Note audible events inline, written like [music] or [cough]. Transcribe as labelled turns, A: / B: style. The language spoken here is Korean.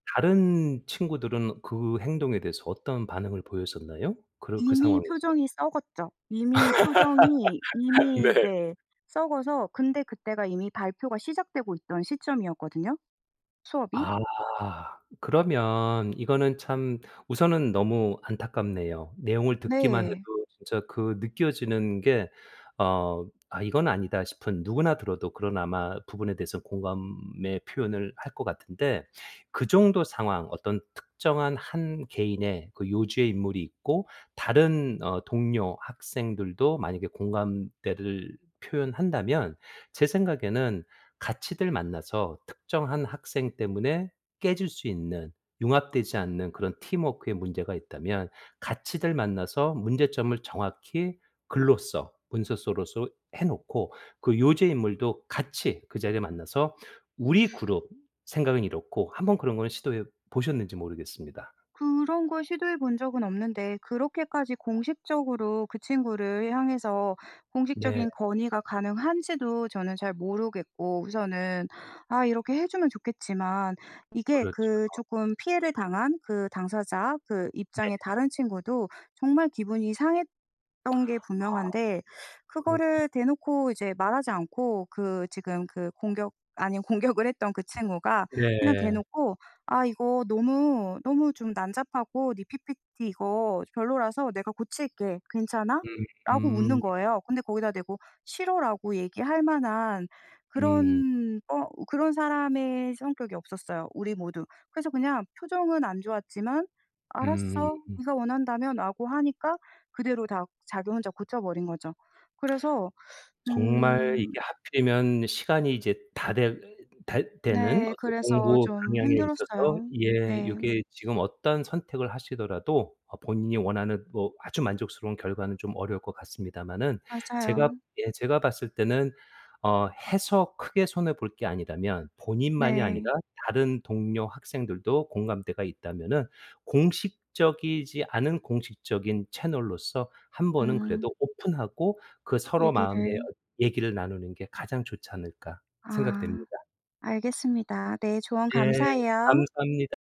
A: 다른 친구들은 그 행동에 대해서 어떤 반응을 보였었나요 그러 그
B: 이미
A: 상황에서?
B: 표정이 썩었죠. 이미 표정이
A: [laughs]
B: 이미
A: 네.
B: 네. 썩어서 근데 그때가 이미 발표가 시작되고 있던 시점이었거든요. 수업이.
A: 아. 그러면 이거는 참 우선은 너무 안타깝네요. 내용을 듣기만 해도
B: 네.
A: 진짜 그 느껴지는 게 어 '아. 이건 아니다.' 싶은 누구나 들어도 그런 아마 부분에 대해서는 공감의 표현을 할 것 같은데 그 정도 상황 어떤 특정한 한 개인의 그 요주의 인물이 있고 다른 어 동료, 학생들도 만약에 공감대를 표현한다면 제 생각에는 같이들 만나서 특정한 학생 때문에 깨질 수 있는 융합되지 않는 그런 팀워크에 문제가 있다면 같이들 만나서 문제점을 정확히 글로서 문서로서 해 놓고 그 요주의 인물도 같이 그 자리에 만나서 우리 그룹 생각은 이렇고 한번 그런 거는 시도해 보셨는지 모르겠습니다.
B: 그런 걸 시도해 본 적은 없는데 그렇게까지 공식적으로 그 친구를 향해서
A: 네.
B: 공식적인 건의가 가능한지도 저는 잘 모르겠고 우선은 아 이렇게 해 주면 좋겠지만 이게
A: 그렇죠.
B: 그 쪼끔 피해를 당한 그 당사자 그
A: 네.
B: 입장에 다른 친구도 정말 기분이 상했던 게
A: 아.
B: 분명한데
A: 그렇군.
B: 그거를 대놓고 이제 말하지 않고 그 지금 그 공격 아닌 공격을 했던 그 친구가 그냥
A: 네.
B: 대놓고 "아 이거 너무, 너무 좀 난잡하고 네 ppt 이거 별로라서 내가 고칠게. 괜찮아?"라고 웃는
A: 음.
B: 거예요. 근데 거기다 대고 "싫어."라고 얘기할 만한
A: 음.
B: 그런 어 그런 사람의 성격이 없었어요 우리 모두. 그래서 그냥 표정은 안 좋았지만 "알았어.
A: 음.
B: 네가 원한다면."라고 하니까 그대로 다 자기 혼자 고쳐버린 거죠. 그래서
A: 정말 이게
B: 음.
A: 하필이면 시간이 이제 다 되 다 되는
B: 네
A: 어떤
B: 그래서
A: 공부
B: 좀
A: 방향에 있어서
B: 힘들었어요.
A: 예
B: 네.
A: 요게 지금 어떤 선택을 하시더라도 어 본인이 원하는 뭐 아주 만족스러운 결과는 좀 어려울 것 같습니다만은 제가
B: 맞아요.
A: 예 제가 봤을 때는 어 해서 크게 손해 볼 게 아니라면 본인만이 아니라
B: 네.
A: 다른 동료 학생들도 공감대가 있다면은 '공식적이지 않은 공식적인 채널로서 1 번은
B: 음.
A: 그래도 오픈하고 그 서로 마음의
B: 얘기를
A: 어 얘기를 나누는 게 가장 좋지 않을까.'
B: 아.
A: 생각됩니다.
B: 알겠습니다. 네 조언
A: 예.
B: 감사해요.
A: 감사합니다.